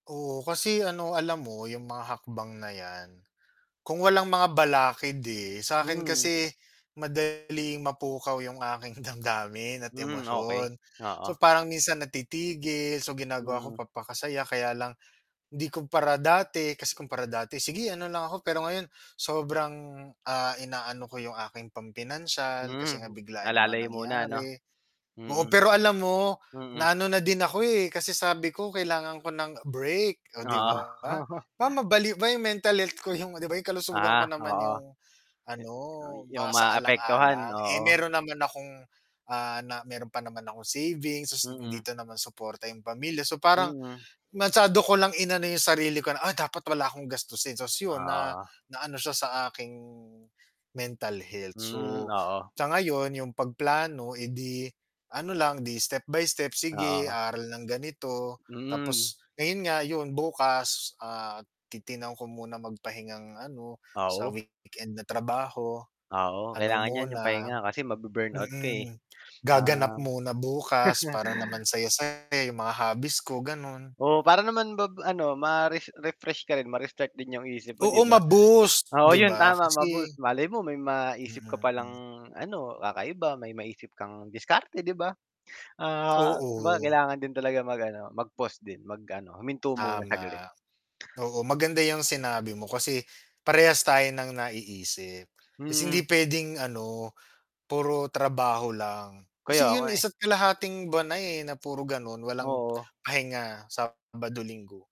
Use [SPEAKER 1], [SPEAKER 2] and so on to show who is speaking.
[SPEAKER 1] Oo, kasi ano alam mo yung mga hakbang na yan, kung walang mga balakid, eh, sa'kin
[SPEAKER 2] Hmm.
[SPEAKER 1] kasi, madaling mapukaw yung aking damdamin at
[SPEAKER 2] Hmm, okey,
[SPEAKER 1] emosyon, so
[SPEAKER 2] oo.
[SPEAKER 1] parang minsan natitigil, so ginagawa ko
[SPEAKER 2] Mm.
[SPEAKER 1] papaka-saya, kaya lang, hindi kumpara dati, kasi kumpara dati sige ano lang ako pero ngayon, sobrang, ah, inaano ko yung aking pam-pinansiyal kasi nga
[SPEAKER 2] Hmm,
[SPEAKER 1] biglaan naman
[SPEAKER 2] alalay muna ano?
[SPEAKER 1] nangyari, oo
[SPEAKER 2] Mm,
[SPEAKER 1] pero alam mo, na
[SPEAKER 2] mm.
[SPEAKER 1] ano na din ako, eh, kasi sabi ko, kailangan ko ng break, oh, 'di
[SPEAKER 2] Oo.
[SPEAKER 1] ba? Ba mabaliw yung mental health ko yung 'di ba yung kalusugan ko
[SPEAKER 2] Ah,
[SPEAKER 1] naman
[SPEAKER 2] oo.
[SPEAKER 1] yung, ano
[SPEAKER 2] Ah, yung maaapektuhan,
[SPEAKER 1] masaalang-alang, eh,
[SPEAKER 2] oo.
[SPEAKER 1] meron naman akong, ah, na, meron pa naman akong savings, so
[SPEAKER 2] Mm.
[SPEAKER 1] dito naman suporta yung pamilya so parang,
[SPEAKER 2] Hmm.
[SPEAKER 1] masyado ko lang inano yung sarili ko na "Ah, dapat wala akong gastusin," ta's yon na
[SPEAKER 2] Oo.
[SPEAKER 1] naano siya sa aking mental health so,
[SPEAKER 2] Hmm, oo.
[SPEAKER 1] sa ngayon yung pag-plano, eh, di ano lang 'di step by step, sige
[SPEAKER 2] Oo.
[SPEAKER 1] aral ng ganito,
[SPEAKER 2] Hmm.
[SPEAKER 1] tapos ngayon nga yun bukas, ah, titingnan ko muna mag-pahingang ano, sa
[SPEAKER 2] Oo.
[SPEAKER 1] weekend na trabaho,
[SPEAKER 2] Oo,
[SPEAKER 1] ano
[SPEAKER 2] kailangan niyan yung
[SPEAKER 1] muna,
[SPEAKER 2] pahinga kasi ma-bu-burnout ka, eh.
[SPEAKER 1] mm, gaganap
[SPEAKER 2] Um
[SPEAKER 1] muna bukas para naman saya-saya yung mga hobbies ko gano'n.
[SPEAKER 2] Oo, para naman bab ano, ma-res refresh ka rin, ma-restart din yung isip mo 'di
[SPEAKER 1] Oo
[SPEAKER 2] ba?
[SPEAKER 1] ma-boost
[SPEAKER 2] Oo
[SPEAKER 1] 'di
[SPEAKER 2] yun
[SPEAKER 1] ba?
[SPEAKER 2] tama
[SPEAKER 1] Kasi
[SPEAKER 2] ma-boost, malay mo may
[SPEAKER 1] Mm,
[SPEAKER 2] maisip ka palang
[SPEAKER 1] hmm.
[SPEAKER 2] ano, kakaiba, may maisip kang diskarte 'di ba? Ah, kumbaga
[SPEAKER 1] Oo.
[SPEAKER 2] kailangan din talaga mag ano mag-pause din, mag-ano, huminto muna
[SPEAKER 1] Tama.
[SPEAKER 2] saglit.
[SPEAKER 1] Oo maganda yang sinabi mo kasi, parehas tayo ng naiisip. Kasi
[SPEAKER 2] Hmm.
[SPEAKER 1] hindi puwedeng ano, puro trabaho lang,
[SPEAKER 2] Kaya
[SPEAKER 1] kasi yun
[SPEAKER 2] nga, eh.
[SPEAKER 1] 1 1/2 buwan na eh, na puro ganon walang
[SPEAKER 2] Oo.
[SPEAKER 1] pahinga, Sabado, Linggo.